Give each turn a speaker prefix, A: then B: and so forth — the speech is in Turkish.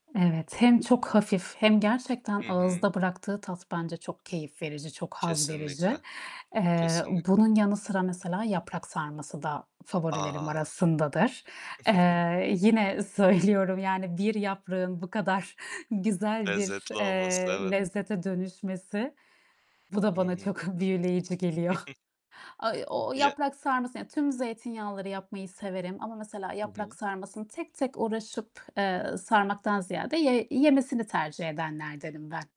A: Evet, hem çok hafif hem gerçekten
B: Hı hı.
A: ağızda bıraktığı tat bence çok keyif verici, çok haz
B: Kesinlikle,
A: verici. Eee,
B: kesinlikle.
A: bunun yanı sıra mesela yaprak sarması da favorilerim
B: A!
A: arasındadır. Eee, yine söylüyorum, yani, bir yaprağın bu kadar güzel bir,
B: Lezzetli olması
A: eee,
B: evet.
A: lezzete dönüşmesi, bu da
B: Hı
A: bana
B: hı.
A: çok büyüleyici geliyor. Ay o o
B: Ye
A: yaprak sarması, yani, tüm zeytinyağlıları yapmayı severim ama mesela
B: Hı
A: yaprak
B: hı.
A: sarmasını tek tek uğraşıp, eee, sarmaktan ziyade ye yemesini tercih edenlerdenim ben.